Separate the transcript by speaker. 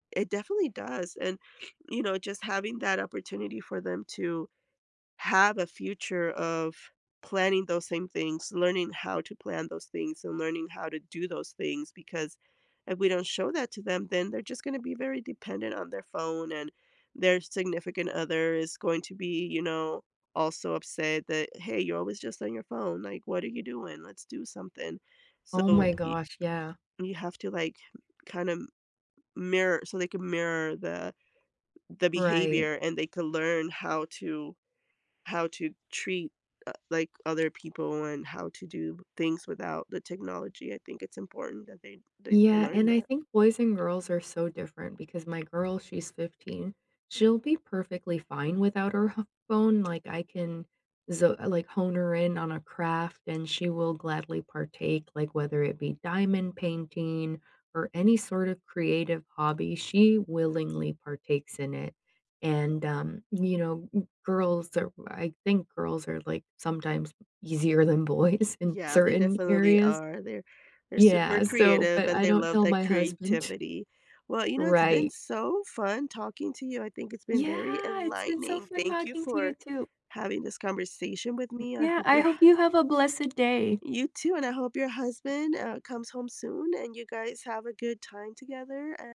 Speaker 1: It definitely does, and you know, just having that opportunity for them to have a future of planning those same things, learning how to plan those things, and learning how to do those things, because if we don't show that to them, then they're just gonna be very dependent on their phone, and their significant other is going to be, you know, also upset that, "Hey, you're always just on your phone," like, "What are you doing? Let's do something."
Speaker 2: Oh
Speaker 1: So,
Speaker 2: my
Speaker 1: y
Speaker 2: gosh, yeah.
Speaker 1: you have to like, kinda m mirror so, they can mirror the the
Speaker 2: Right.
Speaker 1: behavior and they can learn how to how to treat, uh, like, other people and how to do things without the technology, I think it's important that they they they
Speaker 2: Yeah,
Speaker 1: learn
Speaker 2: and I
Speaker 1: that.
Speaker 2: think boys and girls are so different because my girl, she's 15. She'll be perfectly fine without her ho phone, like, I can z like, hone her in on a craft and she will gladly partake, like, whether it be diamond painting or any sort of creative hobby, she willingly partakes in it, and um, you know, girls are I think girls are, like, sometimes easier than boys in
Speaker 1: Yeah, they
Speaker 2: certain
Speaker 1: definitely
Speaker 2: areas.
Speaker 1: are, they're they're super
Speaker 2: Yeah, so
Speaker 1: creative
Speaker 2: but
Speaker 1: and
Speaker 2: I
Speaker 1: they
Speaker 2: don't
Speaker 1: love
Speaker 2: tell
Speaker 1: that
Speaker 2: my husband.
Speaker 1: creativity. Well, you know, it's been
Speaker 2: Right.
Speaker 1: so fun talking to you, I think it's been very
Speaker 2: Yeah, it's been so
Speaker 1: enlightening.
Speaker 2: fun
Speaker 1: Thank you
Speaker 2: talking to you,
Speaker 1: for
Speaker 2: too.
Speaker 1: having this conversation with
Speaker 2: M
Speaker 1: me. I
Speaker 2: yeah,
Speaker 1: hope
Speaker 2: I
Speaker 1: your h
Speaker 2: hope you have a blessed day.
Speaker 1: You too, and I hope your husband, uh, comes home soon, and you guys have a good time together, a